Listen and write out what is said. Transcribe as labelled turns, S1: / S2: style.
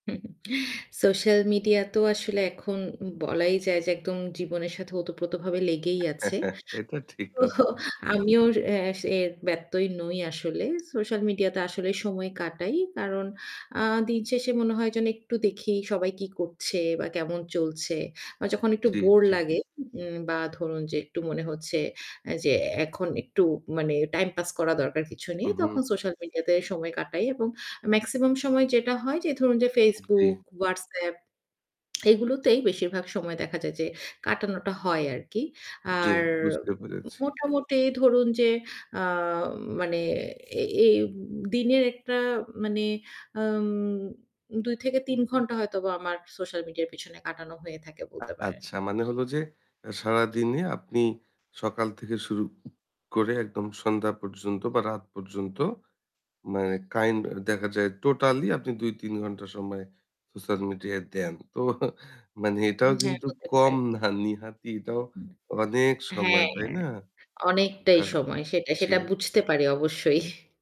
S1: Social মিডিয়াতেও আসলে এখন বলাই যায় যে একদম জীবনের সাথে ওতপ্রোতভাবে লেগেই আছে।
S2: এটা ঠিক
S1: তো
S2: কথা।
S1: আমিও এ এর ব্যত্যয় নই আসলে। সোশ্যাল মিডিয়াতে আসলে সময় কাটাই। কারণ আ দিন শেষে মনে হয় যেন একটু দেখি সবাই কি করছে বা কেমন চলছে। বা যখন একটু
S2: জ্বী,
S1: বোর
S2: জ্বী।
S1: লাগে বা ধরুন যে একটু মনে হচ্ছে যে এখন একটু মানে টাইম পাস করা দরকার কিছু নেই।
S2: হু,
S1: তখন
S2: হু।
S1: সোশ্যাল মিডিয়াতে সময় কাটাই এবং মেক্সিমাম সময় যেটা হয় যে ধরুন যে
S2: জি।
S1: Facebook, WhatsApp এগুলোতেই বেশিরভাগ সময় দেখা যায় যে কাটানোটা হয় আরকি।
S2: জ্বী,
S1: আর
S2: বুঝতে পেরেছি।
S1: মোটামুটি ধরুন যে আ মানে এই দিনের একটা মানে আম ২ থেকে ৩ ঘন্টা হয়তোবা আমার সোশ্যাল মিডিয়ার পেছনে কাটানো হয়ে থাকে বলতে পারেন।
S2: আচ্ছা মানে হলো যে সারাদিনে আপনি সকাল থেকে শুরু করে একদম সন্ধ্যা পর্যন্ত বা রাত পর্যন্ত মানে কাইন্ড দেখা যায় টোটালি আপনি ২-৩ ঘন্টা সময় সোশ্যাল মিডিয়ায় দেন। তো মানে এটাও
S1: হ্যাঁ
S2: কিন্তু
S1: হতে পারে।
S2: কম না, নেহাতই এটাও অনেক সময়।
S1: হ্যাঁ,
S2: তাই
S1: হ্যাঁ
S2: না?
S1: অনেকটাই
S2: আ
S1: সময় সেটা। সেটা
S2: জি।
S1: বুঝতে পারি অবশ্যই।